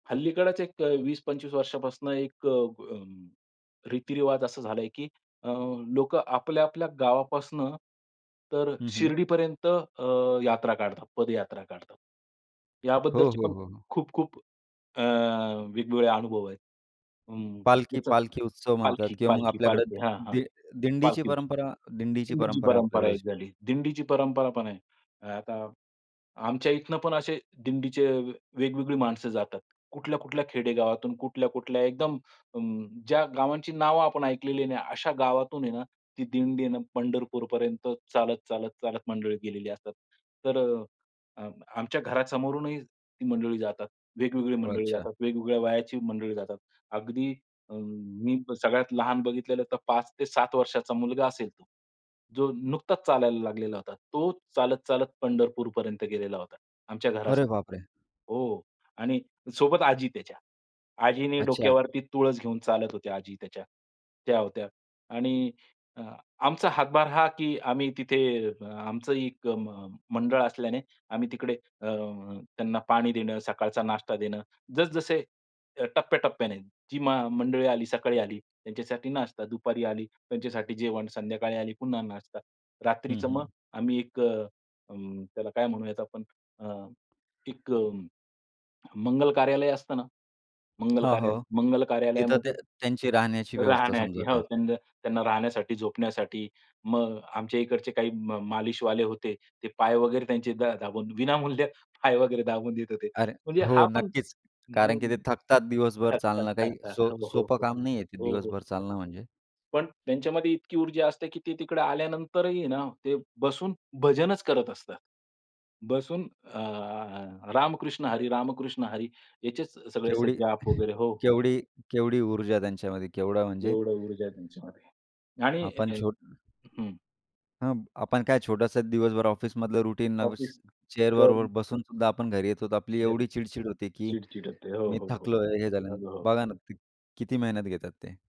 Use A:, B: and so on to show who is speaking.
A: हल्लीकडचे एक अ, 20-25 वर्षांपासून एक अ, अ, रीतिरिवाज असा झालाय, की अ, लोकं आपल्या, आपल्या गावापासून, तर अ,
B: हं, हं.
A: शिर्डीपर्यंत अ, यात्रा काढतात, पदयात्रा काढतात.
B: हो,
A: याबद्दलचे
B: हो,
A: पण
B: हो, हो.
A: खूप-खूप अ, वेगवेगळे अनुभव आहेत. हं.
B: पालखी
A: [unintelligible]
B: पालखी उत्सव म्हणतात
A: पालखी
B: किंवा मग
A: पालखी
B: आपल्याकडे
A: पालखी. हां, हां.
B: दि दिंडीची
A: पालखी.
B: परंपरा दिंडीची
A: दिंडीची
B: परंपरा
A: परंपरा
B: आपल्याकडे जशी.
A: एक झाली. दिंडीची परंपरा पण आहे. अ, आता आमच्या इथनं पण असे दिंडीचे वेगवेगळी माणसं जातात. कुठल्या, कुठल्या खेडेगावातून. कुठल्या, कुठल्या एकदम अ, ज्या गावांची नावं आपण ऐकलेली नाही, अशा गावांतून आहे ना, ती दिंडीनं पंढरपूरपर्यंत चालत, चालत, चालत मंडळी गेलेली असतात. तर अ, आमच्या अ, घरासमोरूनही ती मंडळी जातात. वेगवेगळी मंडळी
B: अच्छा.
A: जातात, वेगवेगळ्या वयाची मंडळी जातात. अगदी अ, मी सगळ्यात लहान बघितलेलं तर 5-7 वर्षांचा मुलगा असेल. जो नुकताच चालायला लागलेला होता. तो चालत, चालत पंढरपूरपर्यंत गेलेला होता. आमच्या
B: अरे, बाप
A: घरासमोरून.
B: रे!
A: हो. आणि सोबत आजी त्याच्या. आजीने
B: अच्छा.
A: डोक्यावरती तुळस घेऊन चालत होत्या आजी त्याच्या. त्या होत्या. आणि अ, आमचा हातभार हा, की आम्ही तिथे अ, अ, आमचं एक मंडळ असल्याने, आम्ही तिकडे अ, त्यांना पाणी देणं, सकाळचा नाश्ता देणं जसं जसे, अ, टप्प्याटप्प्याने जी मं मंडळी आली, सकाळी आली त्यांच्यासाठी नाश्ता, दुपारी आली त्यांच्यासाठी जेवण, संध्याकाळी आली पुन्हा नाश्ता.
B: हं,
A: रात्रीचं मग
B: हं.
A: आम्ही एक अ, अ, त्याला काय म्हणू यात आपण अ, एक अ, मंगल कार्यालय असतं ना, मंगल
B: हो,
A: कार्यालय
B: हो.
A: मंगल
B: तिथं त्यां
A: कार्यालयामध्ये
B: त्यांची राहण्याची व्यवस्था
A: राहण्याची
B: समजा
A: हो.
B: काय.
A: त्यां त्यांना राहण्यासाठी, झोपण्यासाठी मग आमच्या इकडचे काही मा मालिशवाले होते, ते पाय वगैरे त्यांचे दा दाबून विनामूल्य पाय वगैरे दाबून देत होते.
B: अरे,
A: म्हणजे
B: हो,
A: हा पण
B: नक्कीच.
A: अ,
B: कारण की ते थकतात दिवसभर.
A: थकतात,
B: चालणं काही
A: थकतात.
B: सो
A: हो, हो,
B: सोपं
A: हो.
B: काम नाही आहे, ते
A: हो, हो.
B: दिवसभर चालणं म्हणजे.
A: पण त्यांच्यामध्ये इतकी ऊर्जा असते, की ते तिकडे आल्यानंतरही ना, ते बसून भजनच करत असतात. बसून अ, रामकृष्ण हरी, रामकृष्ण हरी याचेच सगळे
B: केवढी
A: जाप वगैरे हो, हो.
B: केवढी केवढी ऊर्जा त्यांच्यामध्ये केवढा म्हणजे
A: एवढं ऊर्जा आहे त्यांच्यामध्ये आणि
B: आपण छोट
A: हं.
B: हां, मग आपण काय छोटंसं दिवसभर ऑफिसमधलं रुटीन
A: ऑफिस
B: चेअरवर
A: करून
B: बसून सुद्धा आपण घरी येत होतो, आपली
A: घरी
B: एवढी चिड-चिड होती की
A: चिड-चिड होते. हो,
B: मी
A: हो, हो, हो.
B: थकलोय हे झालं.
A: बरोबर.
B: बघा ना, किती मेहनत घेतात ते.